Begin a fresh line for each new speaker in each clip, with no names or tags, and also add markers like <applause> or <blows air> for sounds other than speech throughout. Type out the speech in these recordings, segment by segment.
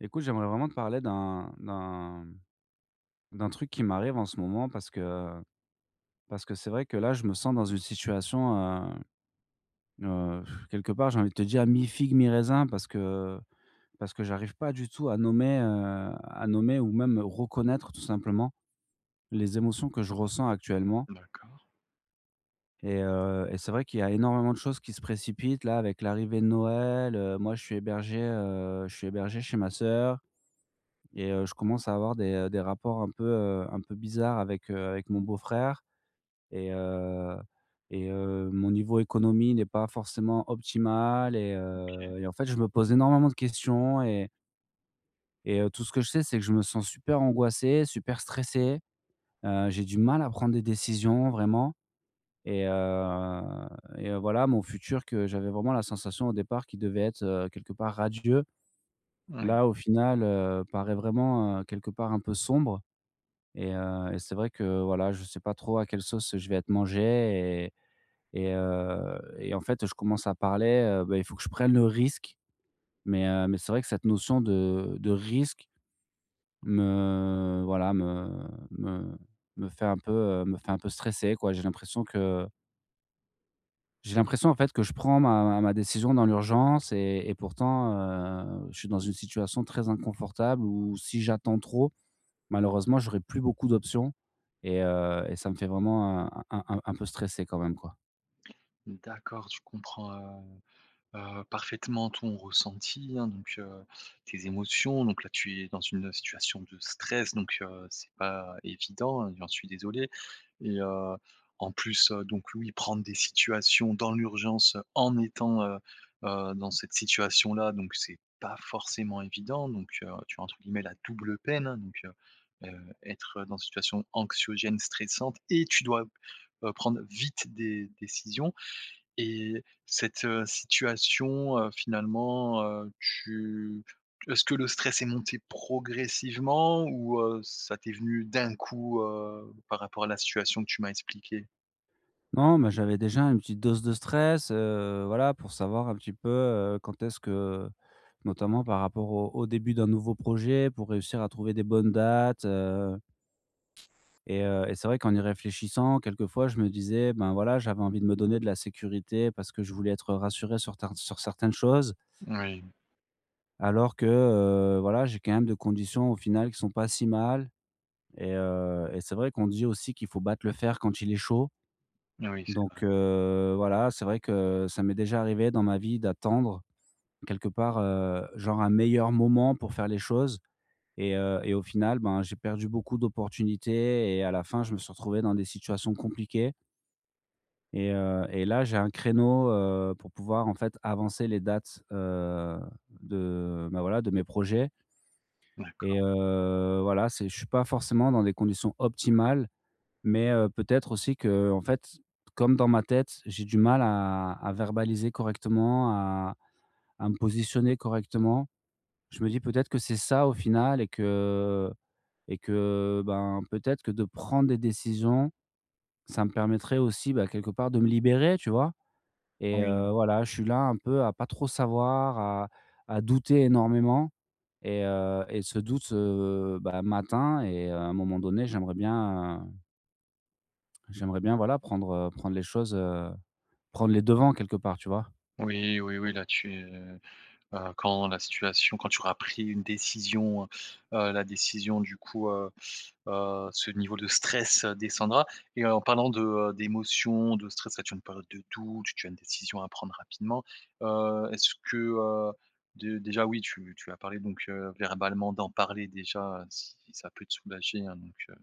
Écoute, j'aimerais vraiment te parler d'un d'un d'un truc qui m'arrive en ce moment parce que parce que c'est vrai que là, je me sens dans une situation, heu heu, <sighs> quelque part, j'ai envie de te dire mi-figue mi-raisin parce que parce que j'arrive pas du tout à nommer, heu, à nommer ou même reconnaître tout simplement les émotions que je ressens actuellement
D'accord.
et heu, et c'est vrai qu'il y a énormément de choses qui se précipitent là avec l'arrivée de Noël, heu. Moi, je suis hébergé heu, je suis hébergé chez ma sœur et heu, je commence à avoir des des rapports un peu un peu bizarres avec, heu, avec mon beau-frère et heu, et heu, mon niveau économie n'est pas forcément optimal et heu,
OK.
et en fait, je me pose énormément de questions et et heu, tout ce que je sais, c'est que je me sens super angoissé, super stressé. Heu, j'ai du mal à prendre des décisions vraiment et heu, et voilà, mon futur que j'avais vraiment la sensation au départ qui devait être, heu, quelque part radieux.
Oui.
Là, au final, heu, paraît vraiment, heu, quelque part un peu sombre et heu, et c'est vrai que, voilà, je sais pas trop à quelle sauce je vais être mangé et et heu, et en fait, je commence à parler bah, il faut que je prenne le risque mais heu, mais c'est vrai que cette notion de de risque me voilà, me me me fait un peu heu, me fait un peu stresser, quoi. J'ai l'impression que j'ai l'impression, en fait, que je prends ma ma ma décision dans l'urgence et et pourtant, heu, je suis dans une situation très inconfortable où si j'attends trop, malheureusement j'aurais plus beaucoup d'options et heu et ça me fait vraiment un un un peu stresser quand même, quoi.
N d'accord, je comprends, heu heu, parfaitement ton ressenti, hein, donc, heu, tes émotions donc là, tu es dans une situation de stress, donc, heu, c'est pas évident, j'en suis désolé et heu, en plus, heu, donc oui, prendre des situations dans l'urgence en étant, heu heu, dans cette situation-là, donc c'est pas forcément évident donc heu, tu as, entre guillemets, la «double peine» hein, donc, heu heu, être dans une situation anxiogène, stressante et tu dois, heu, prendre vite des décisions et cette situation, heu, finalement, heu, tu est-ce que le stress est monté progressivement ou heu, ça t'est venu d'un coup, heu, par rapport à la situation que tu m'as expliquée?
Non mais j'avais déjà une petite dose de stress, heu, voilà pour savoir un petit peu, heu, quand est-ce que, heu, notamment par rapport au au début d'un nouveau projet pour réussir à trouver des bonnes dates, heu et heu, c'est vrai qu'en y réfléchissant quelquefois, je me disais: «Ben, voilà, j'avais envie de me donner de la sécurité parce que je voulais être rassuré sur tin sur certaines choses.»
Moui.
Alors que, heu, voilà, j'ai quand même des conditions au final qui sont pas si mal et heu et c'est vrai qu'on dit aussi qu'il faut battre le fer quand il est chaud.
Oui, c'est
Donc,
vrai.
heu, voilà, c'est vrai que ça m'est déjà arrivé dans ma vie d'attendre, quelque part, heu, genre un meilleur moment pour faire les choses et heu et au final, ben, j'ai perdu beaucoup d'opportunités et à la fin, je me suis retrouvé dans des situations compliquées. Et heu et là, j'ai un créneau, heu, pour pouvoir, en fait, avancer les dates s heu, de, bah, voilà, de mes projets.
D'accord.
Et heu, voilà, c'est je suis pas forcément dans des conditions optimales. Mais, heu, peut-être aussi qu'en fait, comme dans ma tête, j'ai du mal à à verbaliser correctement, à à me positionner correctement. Je me dis: «Peut-être que c'est ça au final et que et que ben, peut-être que de prendre des décisions, ça me permettrait aussi, bah, quelque part de me libérer», tu vois? Et
Oui.
heu, voilà, je suis là un peu à pas trop savoir, à à douter énormément et heu et ce doute, heu, ben m'atteint et à un moment donné, j'aimerais bien j'aimerais bien, voilà, prendre, heu, prendre les choses, heu, prendre les devants quelque part, tu vois?
Oui, oui, oui, là-dessus, heu, quand la situation quand tu auras pris une décision, heu, heu, la décision du coup, heu, heu, ce niveau de stress descendra et heu, en parlant de, heu, d'émotions, de stress, là tu as une période de doute, tu as une décision à prendre rapidement, heu, est-ce que, heu, dé déjà oui, tu tu as parlé donc, heu, verbalement d'en parler déjà, heu, si ça peut te soulager, hein, donc, heu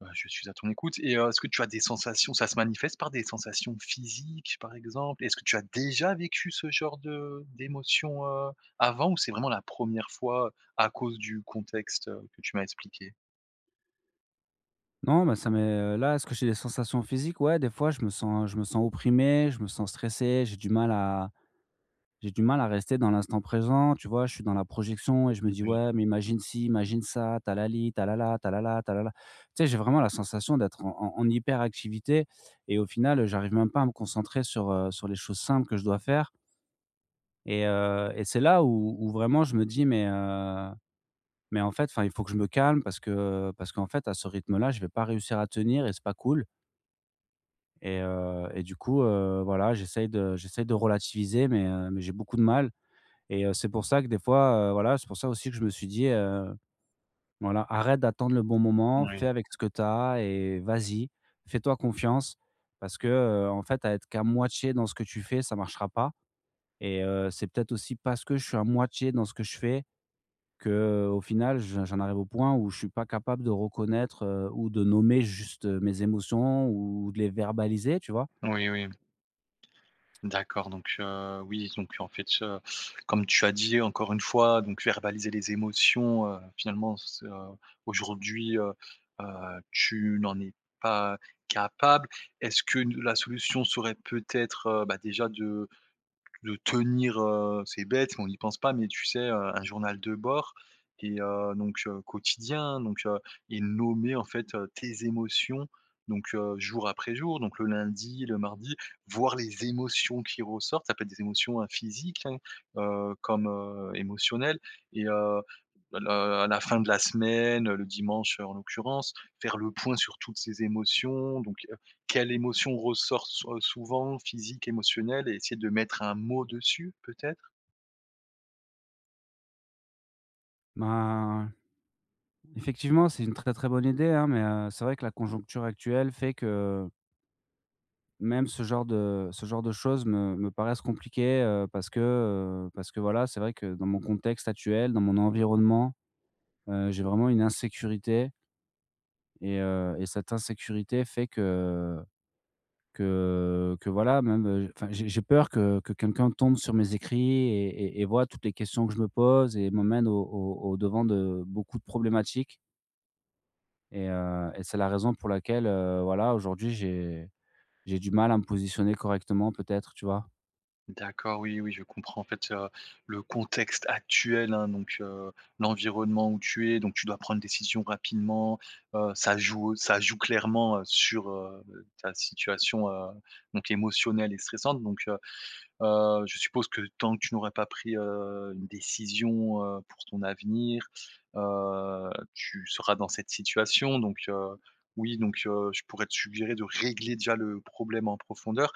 bah je suis à ton écoute et heu, est-ce que tu as des sensations? Ça se manifeste par des sensations physiques par exemple? Est-ce que tu as déjà vécu ce genre de d'émotions, heu, avant ou c'est vraiment la 1re fois, à cause du contexte, heu, que tu m'as expliqué?
Non, mais ça m'est, heu là, est-ce que j'ai des sensations physiques? Ouais, des fois, je me sens je me sens opprimé, je me sens stressé, j'ai du mal à j'ai du mal à rester dans l'instant présent, tu vois? Je suis dans la projection et je me dis:
Moui.
«Ouais, mais imagine ci, imagine ça, tu as la li, tu as la la, tu as la la, tu as la la». Tu sais, j'ai vraiment la sensation d'être en en hyperactivité et au final, heu, j'arrive même pas à me concentrer sur, heu, sur les choses simples que je dois faire. Et heu et c'est là où où vraiment je me dis: «Mais, heu, mais en fait, enfin il faut que je me calme», parce que parce qu'en fait, à ce rythme-là, je vais pas réussir à tenir et c'est pas cool. Et heu et du coup, heu, voilà, j'essaye de j'essaye de relativiser, mais, heu, mais j'ai beaucoup de mal et heu, c'est pour ça que des fois, heu, voilà, c'est pour ça aussi que je me suis dit, heu: «Voilà, arrête d'attendre le bon moment,
Moui.
fais avec ce que tu as et vas-y. Fais-toi confiance parce que, heu, en fait, à être qu'à moitié dans ce que tu fais, ça marchera pas» et heu, c'est peut-être aussi parce que je suis à moitié dans ce que je fais, qu'au final je j'en arrive au point où je suis pas capable de reconnaître, heu, ou de nommer juste, heu, mes émotions ou de les verbaliser, tu vois?
Oui oui. D'accord donc, heu, oui, donc, en fait ce comme tu as dit, encore une fois, donc verbaliser les émotions, heu, finalement, c'est, heu, aujourd'hui, heu, heu, tu n'en es pas capable. Est-ce que n la solution serait peut-être, heu, bah, déjà de de tenir, heu, c'est bête, on n'y pense pas, mais tu sais, heu, un journal de bord et heu, donc heu, quotidien, hein. Donc, heu et nommer en fait, heu, tes émotions donc, heu, jour après jour. Donc le lundi, le mardi, voir les émotions qui ressortent, ça peut être des émotions, heu, physiques, hein, heu, comme, heu, émotionnelles et heu, le à la fin de la semaine, le dimanche, heu, en l'occurrence, faire le point sur toutes ces émotions. Donc, heu, quelle émotion ressort sou heu, souvent? Physique, émotionnelle et essayer de mettre un mot dessus peut-être?
Ben, effectivement, c'est une très très bonne idée hein, mais, heu, c'est vrai que la conjoncture actuelle fait que même ce genre de ce genre de choses me me paraissent compliquées, heu, parce que, heu, parce que voilà, c'est vrai que dans mon contexte actuel, dans mon environnement, heu, j'ai vraiment une insécurité et heu et cette insécurité fait que que, heu, que voilà même enfin j'ai j'ai peur que que quelqu'un tombe sur mes écrits et et et voit toutes les questions que je me pose et m'emmène au au au devant de beaucoup de problématiques et heu et c'est la raison pour laquelle voilà aujourd'hui j'ai j'ai du mal à me positionner correctement peut-être, tu vois?
D'accord, oui, oui, je comprends, en fait, heu, le contexte actuel hein, donc, heu, l'environnement où tu es donc tu dois prendre une décision rapidement. Heu, ça joue ça joue clairement, heu, sur, heu, beh, ta situation, heu, donc émotionnelle et stressante. Donc, heu heu, je suppose que tant que tu n'aurais pas pris, heu, une décision, heu, pour ton avenir, heu, tu seras dans cette situation. Donc, heu, oui, donc, heu, je pourrais te suggérer de régler déjà le problème en profondeur.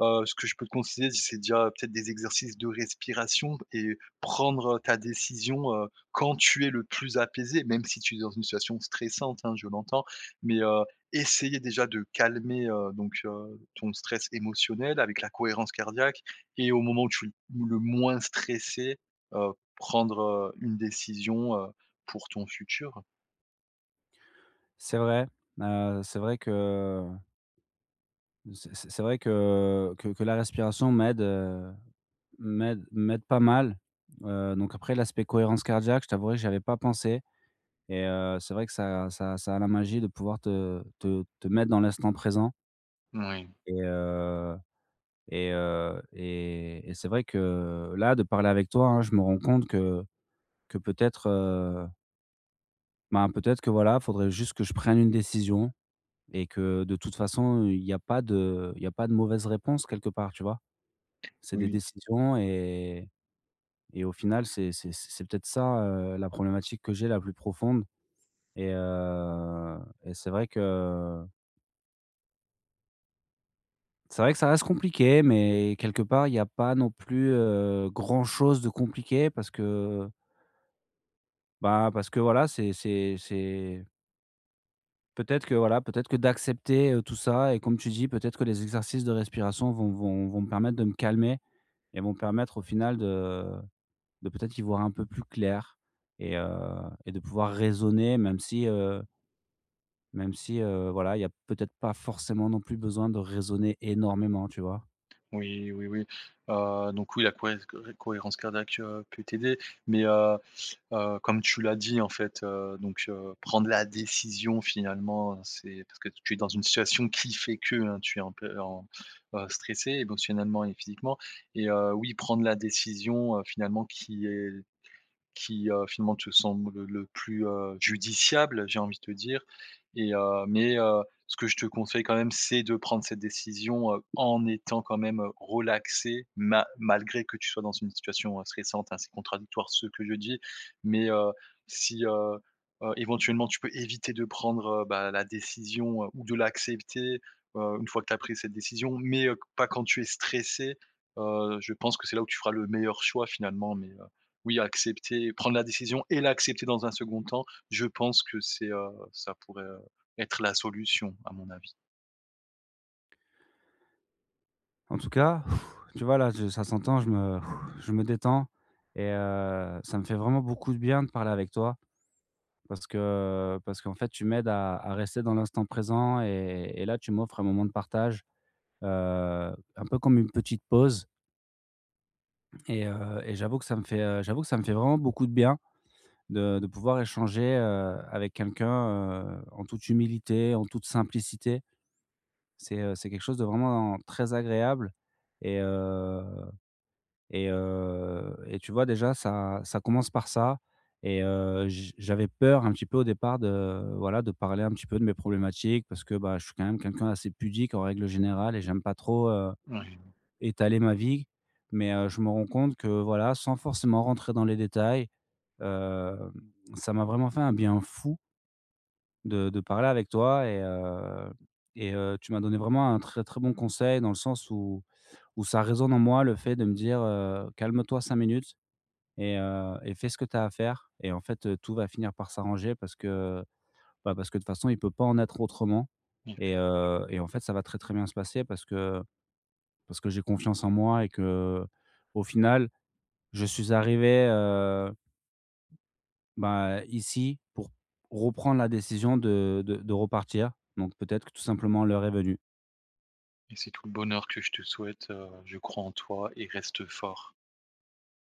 Heu, ce que je peux te considérer, c'est déjà peut-être des exercices de respiration b et prendre ta décision, heu, quand tu es le plus apaisé même si tu es dans une situation stressante hein, je l'entends. Mais, heu, essayer déjà de calmer, heu, donc, heu, ton stress émotionnel avec la cohérence cardiaque et au moment où tu l où le moins stressé, heu, prendre une décision, heu, pour ton futur.
C'est vrai, heu, c'est vrai que, heu c'est c'est c'est vrai que que que la respiration m'aide, heu, m'aide m'aide pas mal, heu, donc après l'aspect cohérence cardiaque, je t'avouerai que j'y avais pas pensé et heu, c'est vrai que ça ça ça a la magie de pouvoir te, heu, te te mettre dans l'instant présent
Moui.
et heu et heu et et c'est vrai que là, de parler avec toi, hein, je me rends compte que que peut-être, heu ben, peut-être que, voilà, il faudrait juste que je prenne une décision et que de toute façon, il y a pas de il y a pas de mauvaises réponses quelque part, tu vois? C'est des
Oui.
décisions et et au final, c'est c'est c'est peut-être ça, heu, la problématique que j'ai la plus profonde et heu, et c'est vrai que c'est vrai que cela reste compliqué, mais quelque part, il y a pas non plus, heu, grand-chose de compliqué parce que bah, parce que, voilà, c'est c'est c'est peut-être que, voilà, peut-être que d'accepter, heu, tout ça et comme tu dis, peut-être que les exercices de respiration vont vont vont me permettre de me calmer et vont me permettre au final de, heu, de peut-être y voir un peu plus clair et heu, de pouvoir raisonner même si, heu même si, heu, voilà, il y a peut-être pas forcément non plus besoin de raisonner énormément, tu vois?
Oui, oui, oui, heu, donc oui, la cohéz co cohérence cardiaque peut t'aider, mais, heu heu, comme tu l'as dit, en fait, heu, donc, heu, prendre la décision finalement c'est parce que tu es dans une situation qui fait que tu es un peu en bah, stressé émotionnellement et physiquement et heu, oui, prendre la décision, heu, finalement qui est qui, heu, finalement te semble le plus, heu, judiciable j'ai envie de te dire et heu, mais, heu, ce que je te conseille quand même c'est de prendre cette décision, heu, en étant quand même relaxé ma malgré que tu sois dans une situation, heu, stressante et assez contradictoire, ce que je dis, mais heu, si, heu heu, éventuellement tu peux éviter de prendre, bah, la décision, heu, ou de l'accepter, heu, une fois que tu as pris cette décision, mais heu, pas quand tu es stressé, heu, je pense que c'est là où tu feras le meilleur choix finalement, mais, heu, oui, accepter, prendre la décision et l'accepter dans un 2d temps, je pense que c'est, heu, ça pourrait être la solution à mon avis.
En tout cas, <blows air> tu vois là, je ça s'entend, je me <blows air> je me détends et heu, ça me fait vraiment beaucoup de bien de parler avec toi. Parce que, parce qu'en fait tu m'aides à à rester dans l'instant présent et et là tu m'offres un moment de partage, heu, un peu comme une petite pause. Et heu, et j'avoue que ça me fait, heu, j'avoue que ça me fait vraiment beaucoup de bien, de de pouvoir échanger, heu, avec quelqu'un, heu, en toute humilité, en toute simplicité. C'est, heu, c'est quelque chose de vraiment, très agréable et heu, et heu, et tu vois déjà ça ça commence par ça et heu, j j'avais peur un petit peu au départ de voilà, de parler un petit peu de mes problématiques, parce que, bah, je suis quand même quelqu'un d'assez pudique en règle générale et j'aime pas trop, heu,
Ouais.
étaler ma vie, mais heu, je me rends compte que voilà, sans forcément rentrer dans les détails, hem, ça m'a vraiment fait un bien fou de de parler avec toi et heu, et heu, tu m'as donné vraiment un très très bon conseil dans le sens où où ça résonne en moi le fait de me dire, heu: «Calme-toi 5 minutes et heu, et fais ce que tu as à faire et en fait, heu, tout va finir par s'arranger parce que, bah, parce que de toute façon il peut pas en être autrement» et
Effectiv
heu, et en fait ça va très très bien se passer parce que, parce que j'ai confiance en moi et que, au final, je suis arrivé, heu bah ici, pour, reprendre la décision de de de repartir, donc peut-être que tout simplement l'heure est venue.
Et c'est tout le bonheur que je te souhaite, heu, je crois en toi et reste fort.